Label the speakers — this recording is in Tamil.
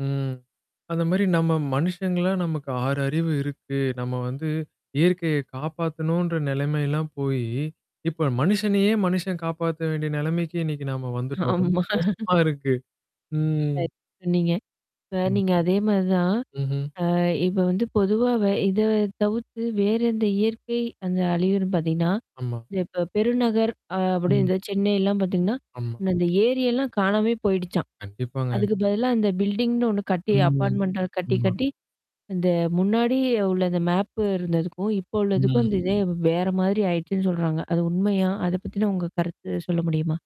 Speaker 1: ம். அந்த மாரி நம்ம மனுஷங்களா நமக்கு 6 அறிவு இருக்கு. நம்ம வந்து இயற்கைய காப்பாத்தணுன்ற நிலைமைல்லாம் போயி இப்ப மனுஷனையே மனுஷன் காப்பாத்த வேண்டிய நிலைமைக்கு இன்னைக்கு நாம வந்துட்டோம். ரொம்ப
Speaker 2: ஆமா.
Speaker 1: மோசமா இருக்கு. ம்.
Speaker 2: [unintelligible] சொன்னீங்க. இப்ப
Speaker 1: ம்.
Speaker 2: நீங்க அதே மாரி தான்.
Speaker 1: ம்ஹ்ம்.
Speaker 2: அ இப்ப வந்து பொதுவாவ இத தவிர்த்து வேறந்த இயற்கை அந்த அலியரும்ன்ன பார்த்தீங்கன்னா,
Speaker 1: ஆமா.
Speaker 2: த இப்ப பெருநகர் அ அப்டி
Speaker 1: ம்.
Speaker 2: இந்த செனைல்லாம் பார்த்தீங்கன்னா.
Speaker 1: ஆமா.
Speaker 2: முன்ன அந்த ஏரியெல்லாம் காணாமே போயிடுச்சான்.
Speaker 1: கண்டிப்பாங்க.
Speaker 2: அதுக்கு பதிலா இந்த பில்டிங்னு ஒண்ணு கட்டி
Speaker 1: ம்.
Speaker 2: அப்பார்ட்மென்ண்ட்ட கட்டி
Speaker 1: ஆமா.
Speaker 2: கட்டி. இந்த முன்னாடி உள்ள அந்த மேப்பு இருந்ததுக்கும், இப்ப உள்ளதுக்கும்
Speaker 1: ம்.
Speaker 2: அந்த இதே வேற மாதிரி ஆயிடுச்சுன்னு சொல்றாங்க. அது உண்மையா? அத பத்தினா உங்க கருத்து சொல்ல முடியுமா?